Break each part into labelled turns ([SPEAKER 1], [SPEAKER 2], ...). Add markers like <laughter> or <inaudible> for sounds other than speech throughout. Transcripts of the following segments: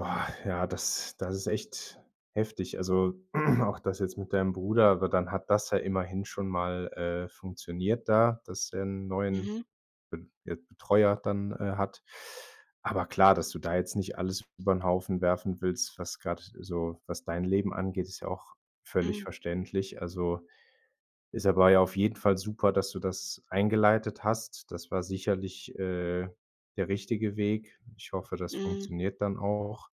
[SPEAKER 1] Oh, ja, das das ist echt heftig. Also, <clears throat> auch das jetzt mit deinem Bruder, aber dann hat das ja immerhin schon mal, äh, funktioniert da, dass er 'n neuen
[SPEAKER 2] Mhm.
[SPEAKER 1] Be Be Betreuer dann, äh, hat. Aber klar, dass du da jetzt nicht alles über 'n Haufen werfen willst, was grad so was dein Leben angeht, ist ja auch völlig
[SPEAKER 2] Mhm.
[SPEAKER 1] verständlich. Also, ist aber ja auf jeden Fall super, dass du das eingeleitet hast. Das war sicherlich, äh, der richtige Weg. Ich hoffe, das
[SPEAKER 2] Mhm.
[SPEAKER 1] funktioniert dann auch.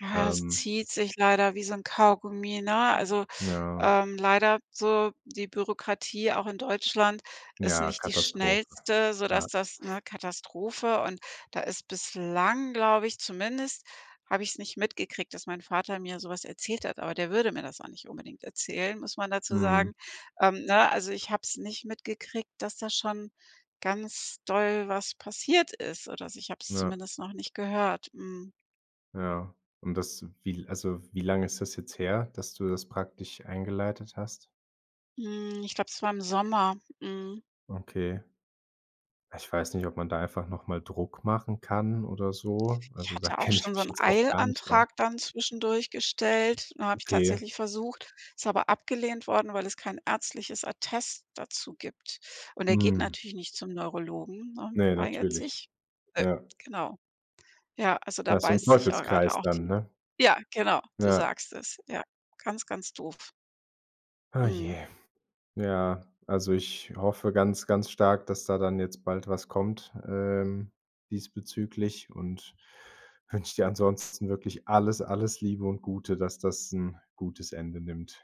[SPEAKER 2] Ja, es
[SPEAKER 1] Ähm
[SPEAKER 2] zieht sich leider wie so 'n Kaugummi, ne,
[SPEAKER 1] Mhm.
[SPEAKER 2] also,
[SPEAKER 1] Ja.
[SPEAKER 2] ähm leider so die Bürokratie, auch in Deutschland, ist
[SPEAKER 1] Ja,
[SPEAKER 2] nicht die
[SPEAKER 1] Katastrophe.
[SPEAKER 2] schnellste, sodass
[SPEAKER 1] Ja.
[SPEAKER 2] das ne, Katastrophe und da ist bislang, glaube ich zumindest habe ich's nicht mitgekriegt, dass mein Vater mir so was erzählt hat, aber der würde mir das auch nicht unbedingt erzählen, muss man dazu
[SPEAKER 1] Mhm.
[SPEAKER 2] sagen ähm, ne, also, ich habe es nicht mitgekriegt, dass da schon ganz doll was passiert ist oder so. Ich habe es
[SPEAKER 1] Ja.
[SPEAKER 2] zumindest noch nicht gehört. Mhm.
[SPEAKER 1] Ja, und das wie l also, wie lange ist das jetzt her, dass du das praktisch eingeleitet hast?
[SPEAKER 2] Hm, ich glaube, es war im Sommer. Mhm.
[SPEAKER 1] Okay. Ich weiß nicht, ob man da einfach noch mal Druck machen kann oder so,
[SPEAKER 2] Ich
[SPEAKER 1] also, da
[SPEAKER 2] hatte auch
[SPEAKER 1] kenne ich
[SPEAKER 2] schon so
[SPEAKER 1] mich
[SPEAKER 2] 'n
[SPEAKER 1] jetzt auch gar nicht aus.
[SPEAKER 2] Eilantrag dann zwischendurch gestellt. Ne, habe ich
[SPEAKER 1] Okay.
[SPEAKER 2] tatsächlich versucht, ist aber abgelehnt worden, weil es kein ärztliches Attest dazu gibt und er geht
[SPEAKER 1] Mhm.
[SPEAKER 2] natürlich nicht zum Neurologen, ne,
[SPEAKER 1] Ne,
[SPEAKER 2] weigert
[SPEAKER 1] natürlich.
[SPEAKER 2] sich. Äh,
[SPEAKER 1] Ja.
[SPEAKER 2] genau. Ja, also, da
[SPEAKER 1] Ja, ist so 'n
[SPEAKER 2] beißt sich auch gerade
[SPEAKER 1] Teufelskreis
[SPEAKER 2] auch
[SPEAKER 1] dann,
[SPEAKER 2] die
[SPEAKER 1] ne?
[SPEAKER 2] ja, genau, du
[SPEAKER 1] Ja.
[SPEAKER 2] sagst es. Ja, ganz, ganz doof.
[SPEAKER 1] Oh
[SPEAKER 2] Mhm.
[SPEAKER 1] je. Ja, also, ich hoffe ganz, ganz stark, dass da dann jetzt bald was kommt, ähm, diesbezüglich und wünsche dir ansonsten wirklich alles, alles Liebe und Gute, dass das 'n gutes Ende nimmt.